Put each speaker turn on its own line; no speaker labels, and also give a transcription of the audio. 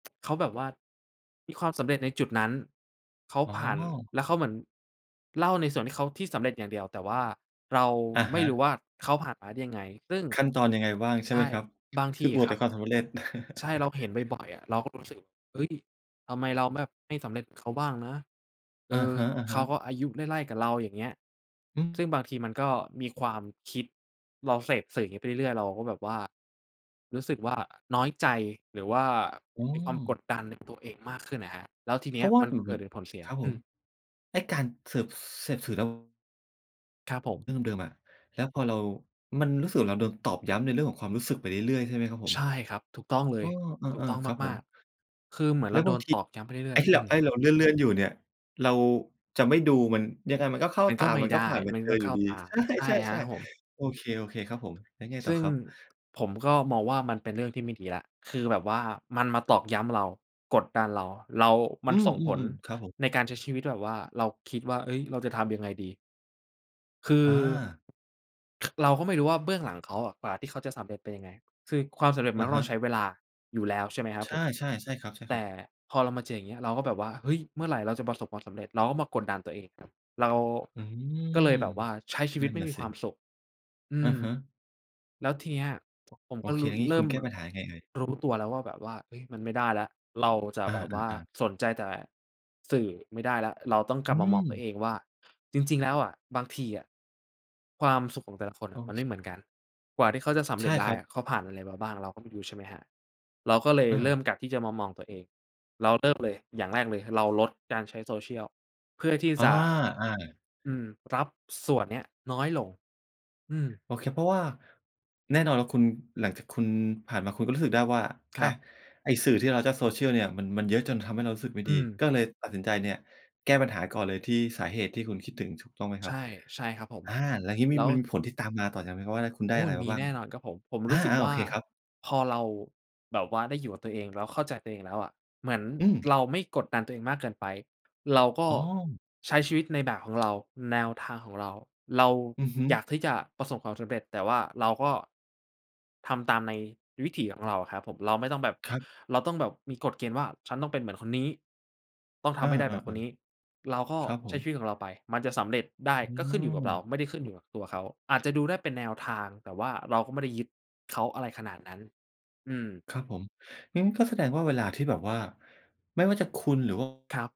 เขาแบบว่า มีความสำเร็จในจุดนั้น เขา
อ๋อ
ผ่าน แล้วเขาเหมือนเล่าในส่วนที่เขา ที่สำเร็จอย่างเดียว แต่ว่าเรา
อะ
ไม
ฮ
่ร
ะ
ู้ว่าเขาผ่านมาได้ยังไง ซึ่ง
ขั้นตอนยังไงบ้างใช
ใ
่
ช
ไหม
่
ครับ?
บาง
ค
ท
ื
ี
ออ
อะ
วด
ค
แ
ร
ต
ั
่
บ
ความสำเร็จ
ใช่ เราเห็นบ่อย ๆ อะ เราก็รู้สึก เอ๊ย! ทำไมเราแบบไม่สำเร็จ เขาบ้างนะ เอ
อะ
อ
ฮะ อะฮ
เขา
ะ
ก็อายุไล่ ๆ กับเราอย่างเงี้ย ซึ่งบางทีมันก็มีความคิด เราเสพสื่อนี้ไปเรื่อย ๆ เราก็แบบว่า รู้สึกว่า น้อยใจหรือว่า
อื
มีความกด
ม
ดันในตัวเองมากขึ้นอะครับ แล้วทีเ
เ
น
พ
ี้
ร
ย
าะว่า
มัน
อือ
เก
ฮ
ิ
ึ
ดเป็นผลเสีย
ครับผ
อื
ม
ม
ไอ้การเสิร์ฟ เสพสื่อ แล้ว
ครับผม
เรื่องเดิม ๆ อะ แล้วพอเรา มันรู้สึกว่า เราโดนตอกย้ำในเรื่องของความรู้สึกไปเรื่อย ๆ ใช่ไหมครับผ
ใ
ม?
ช่ครับ ถูกต้องเล
อ้
ย
อ เ
ถู
อ
ก
อ
ต้อง
ๆ ครับ
ม
ผ
า
ม
ก ๆ คือเหมือน
แ
เ
ล
ร
้
า
ว
โ
บ
ด
าง
น
ท
ต
ี
อกย้ำไปเรื
ไ
่
อ
อ
้
ย
ที
ๆ
่
อ
เ
ื
รา เ
ม
อ๊ย เราเลื่อน ๆ อยู่เนี่ย เราจะไม่ดูมันยังไงมันก็เข้า
มัน
ต
ก็
า
ไม่
มัน
ไ
ก็
ด
ผ
้
่านไป
มัน
เจ
ก
อ
็
อ
เ
ย
ข
ู
้
่
า
ดี
ตา
ใช
ใช่ครับ
่
ผม
ๆ ๆ โอเค โอเคครับผม แล้วไง
ซ
ต่อ
ึ่ง
ครับ?
ผมก็มองว่ามันเป็นเรื่องที่ไม่ดีแล้ว คือแบบว่ามันมาตอกย้ำเรา กดดันเรา เรา ม
อื
ันส่งผล
ม ๆ ๆ ครับผม
ในการใช้ชีวิตแบบว่าเราคิดว่า เอ๊ย! เราจะทำยังไงดี? คือ
อา
ค เราก็ไม่รู้ว่าเบื้องหลังเขาอะ กว่าที่เขาจะสำเร็จเป็นยังไง คือความสำเร็จม
อ
ัน
ะ
ก็
ฮ
ต้องใช
ะ
้เวลาอยู่แล้ว ใช่ไหมครับ
ใช
ผ
่
ม?
ๆ ใช่คร
แต
ั
่
บ ๆ
พอเรามาเจออย่างเงี้ย เราก็แบบว่า เฮ้ย! เมื่อไหร่เราจะประสบความสำเร็จ เราก็มากดดันตัวเองอีกครับ เรา
อื
ก็เล
ม
ยแบบว่าใช้ชีว
น
ิ
ั
ต
่น
ไม่
น่ะ
มี
ส
ความ
ิ
สุข อื
อะ
ม
ฮะ
แล้วทีเนี้ยผม
โอ
ก็
เค
รู
แ
้
ล้วงี
เ
้
ริ
ค
่
ุณ
ม
แก้ปัญหายังไงเอ่ย?
รู้ตัวแล้วว่า แบบว่า เอ๊ย มันไม่ได้แล้ว เราจะ
อ
แบบว่า
า ๆ ๆ
สนใจแต่สื่อไม่ได้แล้ว เราต้องก
อ
ลั
ื
บมามองตัว
ม
เองว่า จริง ๆ แล้วอะ บางทีอะ ความสุขของแต่ละคนอ
โอ
ะมัน
เ
ไม่เห
ค
มือนกัน กว่าที่เขาจะสำ
ใ
เ
ช
ร็
่
จได
ค
้
รั
อ
บ
ะ เขาผ่านอะไรมาบ้าง เราก็ไม่รู้ใช่ไหมครับ? เราก็เลย
เอ
เริ
อ
่มกลับที่จะมามองตัวเอง เราเริ่มเลยอย่างแรกเลย เราลดการใช้ social เพื่อที่
อ
จ
า
ะ
อา
อืม รับส่วนเนี้ยน้อยลง อืม
โอเค เพราะว่าแน่นอนแล้วคุณ หลังจากคุณผ่านมาคุณก็รู้สึกได้ว่า
ค
อ
ร
ะ
ับ
ไอ้สื่อที่เรารับจาก social เนี่ยมัน มันเยอะจนทำให้เรารู้สึกไม่
อื
ดี
ม
ก็เลยตัดสินใจเนี่ย แก้ปัญหาก่อนเลยที่สาเหตุที่คุณคิดถึงถูกต้องไหม
ใ
ค
ช
รับ?
่ ใช่ครับผม
อา แล้วงี้
แ
ม
ล
ี
้ว
มันมีผลที่ตามมาต่อจาก ไหมว่า คุณได
โ
้
อ้!
อะไรม
ม
า
ี
บ้า
แ
ง
น่นอนครับผม ผม
อ
ร
า
ู้สึก
ๆ โอ
ว่า
เคครับ
พอเรา แบบว่าได้อยู่กับตัวเอง แล้วเข้าใจตัวเองแล้วอะ เหมือน
อืม
เราไม่กดดันตัวเองมากเกินไป เราก็
อ๋อ
ใช้ชีวิตในแบบของ เรา แนวทางของเรา เรา
อือฮึ
อยากที่จะประสบความสำเร็จ แต่ว่าเราก็ ทำตาม ในวิถีของเราอะครับผม เราไม่ต้องแบบ
ครับ
เราต้องแบบมีกฎเกณฑ์ว่า ฉันต้องเป็นเหมือนคนนี้ ต้องท
เอ
ำให้ได้แ
อ
บบคนนี้ เราก
ๆ
็
ๆ ครับผ
ใช้
ม
ชีวิตของเราไป มันจะสำเร็จได้
อื
ก็ขึ้นอยู่กับเรา
ม
ไม่ได้ขึ้นอยู่กับตัวเขา อาจจะดูได้เป็นแนวทาง แต่ว่าเราก็ไม่ได้ยึดเขา อะไรขนาดนั้น อืม
ครับผม งั้นก็แสดงว่าเวลาที่แบบว่า ไม่ว่าจะคุณหรือ ว่า
ครับ